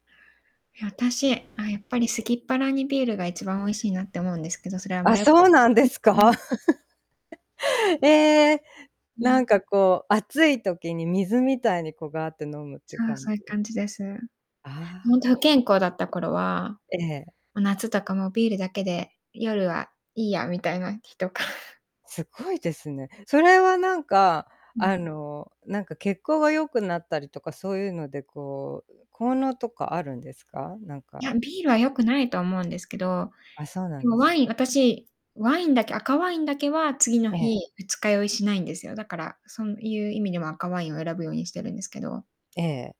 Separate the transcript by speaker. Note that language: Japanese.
Speaker 1: いや、私、あ、やっぱり、すきっ腹にビールが一番美味しいなって思うんですけど、それは、あん
Speaker 2: あ、
Speaker 1: まよ
Speaker 2: そうなんですか？ええ。
Speaker 1: う
Speaker 2: な
Speaker 1: ん。
Speaker 2: んかこう、暑い時に水みたいに、こう、があって飲むって
Speaker 1: そう、
Speaker 2: 感
Speaker 1: そ
Speaker 2: じ
Speaker 1: ういう
Speaker 2: で。
Speaker 1: 感じです。
Speaker 2: あ
Speaker 1: ほんと
Speaker 2: あ。
Speaker 1: 不健康だった頃は、
Speaker 2: ええ。
Speaker 1: ま、夏とかもビールだけで夜はいいやみたいな日とか。
Speaker 2: すっごいですね。そ れは、なんか、
Speaker 1: うん。
Speaker 2: あの、なんか、血行が良くなったりとか、そういうので、こう、う効能とかあるんですか？なん
Speaker 1: いや、
Speaker 2: か。
Speaker 1: ビールは良くないと思うんですけど、
Speaker 2: あ、そうな
Speaker 1: で
Speaker 2: ん
Speaker 1: も
Speaker 2: です。
Speaker 1: ワイン私、ワインだけ赤ワインだけは、次の
Speaker 2: ええ。
Speaker 1: 日、二日酔いしないんですよ。だから、そんいう意味では赤ワインを選ぶようにしてるんですけど。
Speaker 2: ええ。